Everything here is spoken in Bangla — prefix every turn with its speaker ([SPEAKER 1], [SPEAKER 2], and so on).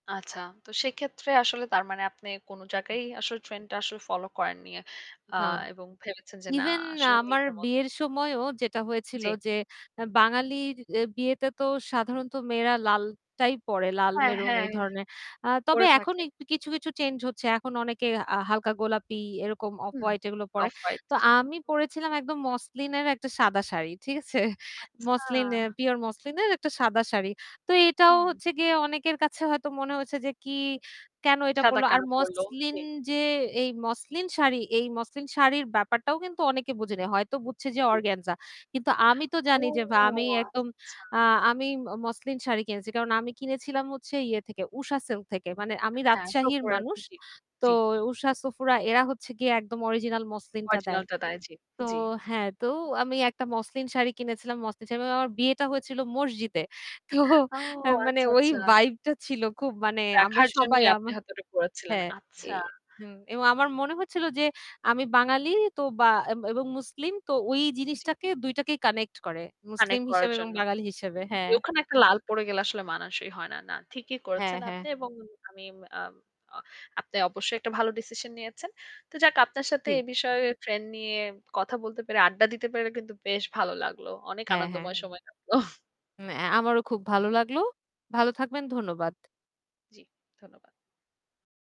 [SPEAKER 1] আচ্ছা। তো সেক্ষেত্রে আসলে তার মানে আপনি কোনো জায়গায়ই আসলে ট্রেন্ডটা আসলে ফলো করেননি আ
[SPEAKER 2] না।
[SPEAKER 1] এবং ভেবেছেন যে না
[SPEAKER 2] ইভেন
[SPEAKER 1] আসলে
[SPEAKER 2] আমার
[SPEAKER 1] নিজের মতো
[SPEAKER 2] বিয়ের সময়ও যেটা হয়েছিল
[SPEAKER 1] জ্বী।
[SPEAKER 2] যে আ বাঙালির এ বিয়েতে তো সাধারণত মেয়েরা লালটাই পড়ে লাল
[SPEAKER 1] হ্যাঁ,
[SPEAKER 2] মেরুন এই
[SPEAKER 1] হ্যাঁ।
[SPEAKER 2] ধরনের। আ তবে
[SPEAKER 1] করে
[SPEAKER 2] এখন
[SPEAKER 1] থাকে।
[SPEAKER 2] কিছু, কিছু চেঞ্জ হচ্ছে। এখন অনেকে আ হালকা গোলাপি এরকম অফ
[SPEAKER 1] হুম
[SPEAKER 2] হোয়াইট এগুলো পড়ে।
[SPEAKER 1] Off white.
[SPEAKER 2] তো
[SPEAKER 1] জী।
[SPEAKER 2] আমি পড়েছিলাম একদম মসলিনের একটা সাদা শাড়ি। ঠিক আছে?
[SPEAKER 1] আচ্ছা।
[SPEAKER 2] মসলিন এ পিউর মসলিনের একটা সাদা শাড়ি। তো এটাও
[SPEAKER 1] হুম।
[SPEAKER 2] হচ্ছে গিয়ে অনেকের কাছে হয়তো মনে হচ্ছে যে কি, কেন এটা
[SPEAKER 1] সাদা
[SPEAKER 2] পড়ল। আর
[SPEAKER 1] কেন পড়ল।
[SPEAKER 2] মসলিন
[SPEAKER 1] জী।
[SPEAKER 2] যে এই মসলিন শাড়ি এই মসলিন শাড়ির ব্যাপারটাও কিন্তু অনেকে বোঝেনি। হয়তো বুঝছে যে
[SPEAKER 1] টি
[SPEAKER 2] অর্গানজা। কিন্তু আমি তো
[SPEAKER 1] ও
[SPEAKER 2] জানি যে ভা আমি একদম
[SPEAKER 1] আচ্ছা, আচ্ছা।
[SPEAKER 2] আ আমি ম মসলিন শাড়ি কিনছি। কারণ আমি কিনেছিলাম হচ্ছে ইয়ে থেকে উষা সিল্ক থেকে। মানে আমি
[SPEAKER 1] হ্যাঁ।
[SPEAKER 2] রাজশাহীর মানুষ।
[SPEAKER 1] [unintelligible] জী,
[SPEAKER 2] তো
[SPEAKER 1] জী।
[SPEAKER 2] উষা, সফুরা এরা হচ্ছে গিয়ে একদম original মসলিনটা দেয়।
[SPEAKER 1] অরিজিনাল টা তাই জ্বী,
[SPEAKER 2] তো
[SPEAKER 1] জ্বী।
[SPEAKER 2] হ্যাঁ, তো আমি একটা মসলিন শাড়ি কিনেছিলাম মসলিন শাড়ি এবং আমার বিয়েটা হয়েছিল মসজিদে। তো
[SPEAKER 1] ও
[SPEAKER 2] এ মানে
[SPEAKER 1] আচ্ছা,
[SPEAKER 2] ওই
[SPEAKER 1] আচ্ছা।
[SPEAKER 2] ভাইবটা ছিল খুব মানে আমরা
[SPEAKER 1] দেখার
[SPEAKER 2] সবাই
[SPEAKER 1] জন্যই আপনি
[SPEAKER 2] আমা
[SPEAKER 1] হয়তো ওটা পড়াচ্ছিলেন।
[SPEAKER 2] হ্যাঁ। এ
[SPEAKER 1] আচ্ছা।
[SPEAKER 2] হুম। এবং আমার মনে হচ্ছিল যে আমি বাঙালি তো বা এব এবং মুসলিম তো ওই
[SPEAKER 1] জ্বী।
[SPEAKER 2] জিনিসটাকে ২ টাকেই কানেক্ট করে। মুসলিম
[SPEAKER 1] connect করার
[SPEAKER 2] হিসেবে এবং
[SPEAKER 1] জন্য।
[SPEAKER 2] বাঙালি হিসেবে।
[SPEAKER 1] জী,
[SPEAKER 2] হ্যাঁ।
[SPEAKER 1] ওখানে একটা লাল পড়ে গেলে আসলে মানসই হয় না। না, ঠিকই
[SPEAKER 2] হ্যাঁ,
[SPEAKER 1] করেছেন
[SPEAKER 2] হ্যাঁ।
[SPEAKER 1] আপনি এবং আমি আম অ্যা আপনি অবশ্যই একটা ভালো decision নিয়েছেন। তো যাক আপনার সাথে
[SPEAKER 2] জ্বী।
[SPEAKER 1] এ বিষয়ে ট্রেন্ড নিয়ে কথা বলতে পেরে, আড্ডা দিতে পেরে কিন্তু বেশ ভালো লাগলো। অনেক
[SPEAKER 2] হ্যাঁ, হ্যাঁ।
[SPEAKER 1] আনন্দময় সময় লাগল।
[SPEAKER 2] উম অ্যা আমারও খুব ভালো লাগলো। ভালো থাকবেন। ধন্যবাদ।
[SPEAKER 1] জ্বি, ধন্যবাদ।